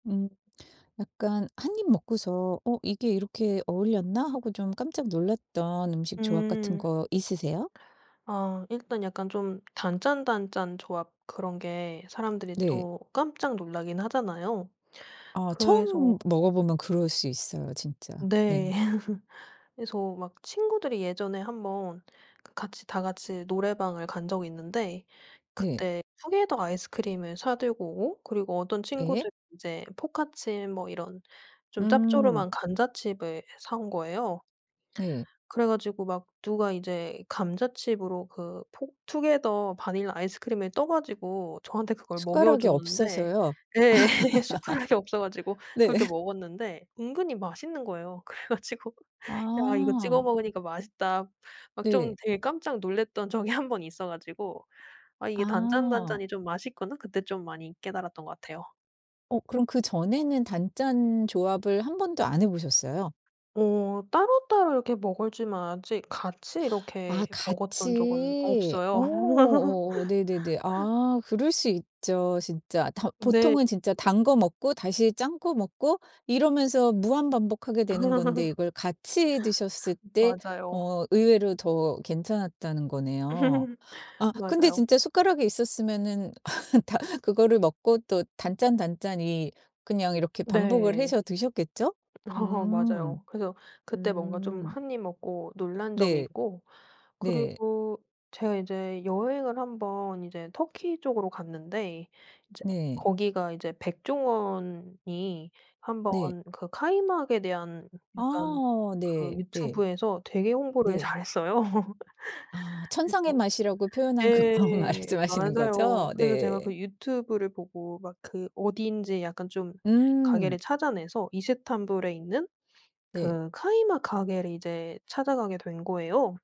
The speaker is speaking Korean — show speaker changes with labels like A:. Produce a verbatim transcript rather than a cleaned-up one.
A: 음. 약간 한 입 먹고서 '어 이게 이렇게 어울렸나?' 하고 좀 깜짝 놀랐던 음식 조합 같은
B: 음.
A: 거 있으세요?
B: 아 일단 약간 좀 단짠단짠 조합 그런 게 사람들이
A: 네.
B: 또 깜짝 놀라긴 하잖아요.
A: 아. 처음
B: 그래서
A: 먹어보면 그럴 수 있어요 진짜.
B: 네.
A: 네.
B: 그래서 막 친구들이 예전에 한 번 그 같이 다 같이 노래방을 간 적이 있는데
A: 네.
B: 그때 투게더 아이스크림을 사 들고 오고 그리고 어떤
A: 예.
B: 친구들 인제 포카칩 뭐 이런 좀
A: 음.
B: 짭조름한 감자칩을 사 온 거예요.
A: 네.
B: 그래 가지고 막 누가 이제 감자칩으로 그 포 투게더 바닐라 아이스크림을 떠 가지고 저한테 그걸 먹여
A: 숟가락이
B: 줬는데
A: 없어서요?
B: 예 숟가락이 없어 가지고
A: 네.
B: 그렇게 먹었는데 은근히 맛있는 거예요. 그래 가지고 '야 이거 찍어
A: 아.
B: 먹으니까 맛있다.' 막 좀
A: 네.
B: 되게 깜짝 놀랐던 적이 한 번 있어 가지고 '아 이게
A: 아.
B: 단짠단짠이 좀 맛있구나.' 그때 좀 많이 깨달았던 것 같아요.
A: 어 그럼 그 전에는 단짠 조합을 한 번도 안 해 보셨어요?
B: 오. 따로따로 이렇게 먹을 줄 만 알았지 아직 같이
A: 아
B: 이렇게 먹었던 적은
A: 같이.
B: 없어요.
A: 어 어 네네네. 아 그럴 수 있죠 진짜. 더
B: 네.
A: 보통은 진짜 단 거 먹고 다시 짠 거 먹고 이러면서 무한 반복 하게 되는 건데 이걸 같이 드셨을 때
B: 맞아요.
A: 어 의외로 더 괜찮았다는 거네요. 아 근데
B: 맞아요.
A: 진짜 숟가락이 있었으면은 다 그거를 먹고 또 단짠단짠이 그냥 이렇게 반복을
B: 네.
A: 해서 드셨겠죠?
B: 어
A: 음.
B: 맞아요. 그래서 그때 뭔가 좀
A: 음.
B: 한 입 먹고 놀란 적이
A: 네.
B: 있고
A: 네.
B: 그리고 제가 이제 여행을 한 번 이제 터키 쪽으로 갔는데 이제
A: 네.
B: 거기가 이제 백종원이 한 번
A: 네.
B: 그 카이막에 대한 약간
A: 아
B: 그
A: 네. 네.
B: 유튜브에서 되게 홍보를
A: 네.
B: 잘했어요.
A: 아 천상의
B: 그래서
A: 맛이라고 표현한 그
B: 예.
A: 광 말씀하시는
B: 맞아요.
A: 거죠?
B: 그래서 제가
A: 네.
B: 그 유튜브를 보고 막 그 어딘지 약간 좀 가게를
A: 음.
B: 찾아내서 이스탄불에 있는
A: 네.
B: 그 카이막 가게를 이제 찾아가게 된 거예요.